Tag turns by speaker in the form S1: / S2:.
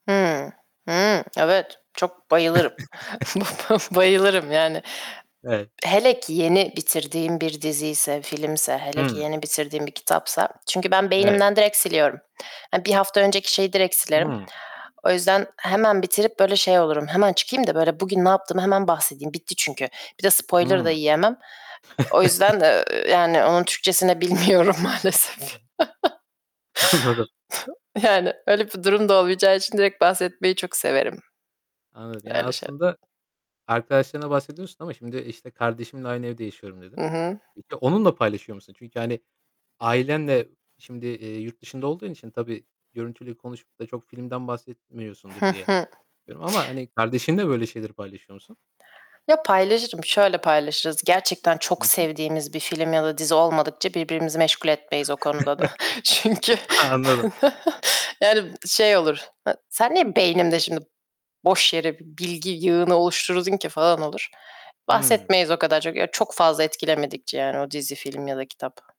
S1: Hıı. Hıı, evet. Çok bayılırım. Bayılırım yani.
S2: Evet.
S1: Hele ki yeni bitirdiğim bir diziyse, filmse, hele ki
S2: Hıı.
S1: yeni bitirdiğim bir kitapsa. Çünkü ben
S2: Evet.
S1: beynimden direkt siliyorum. Eee, 1 hafta önceki şeyi direkt silerim.
S2: Hıı.
S1: O yüzden hemen bitirip, böyle, şey olurum, "Hemen çıkayım da, böyle, bugün ne yaptığımı hemen bahsedeyim." Bitti çünkü. Bir de spoiler da
S2: Hıı.
S1: yiyemem. E o yüzden, eee, yani, onun Türkçesi ne bilmiyorum maalesef.
S2: Anladım.
S1: [unintelligible] Yani, öyle bir durum da olmayacağı için direkt bahsetmeyi çok severim.
S2: Anladım. Ya,
S1: Öyle şe
S2: aslında arkadaşlarına bahsediyorsun ama, şimdi, işte, "Kardeşimle aynı evde yaşıyorum."
S1: Hı
S2: dedin.
S1: hı.
S2: Peki, onunla paylaşıyor musun? Çünkü, hani, ailenle şimdi, eee, yurt dışında olduğun için tabii görüntülü konuşup da çok filmden bahsetmiyorsundur diye düşünüyorum ama, hani, kardeşinle böyle şeyleri paylaşıyor musun?
S1: Ya, paylaşırım. Şöyle paylaşırız; gerçekten
S2: Hı
S1: çok
S2: hı.
S1: sevdiğimiz bir film ya da dizi olmadıkça birbirimizi meşgul etmeyiz o konuda da. Çünkü
S2: Anladım.
S1: yani, şey olur; e "Sen niye beynimde şimdi boş yere bir bilgi yığını oluşturdun ki?" falan olur.
S2: Hıı.
S1: Bahsetmeyiz o kadar çok. Ya, çok fazla etkilemedikçe yani o dizi, film ya da kitap.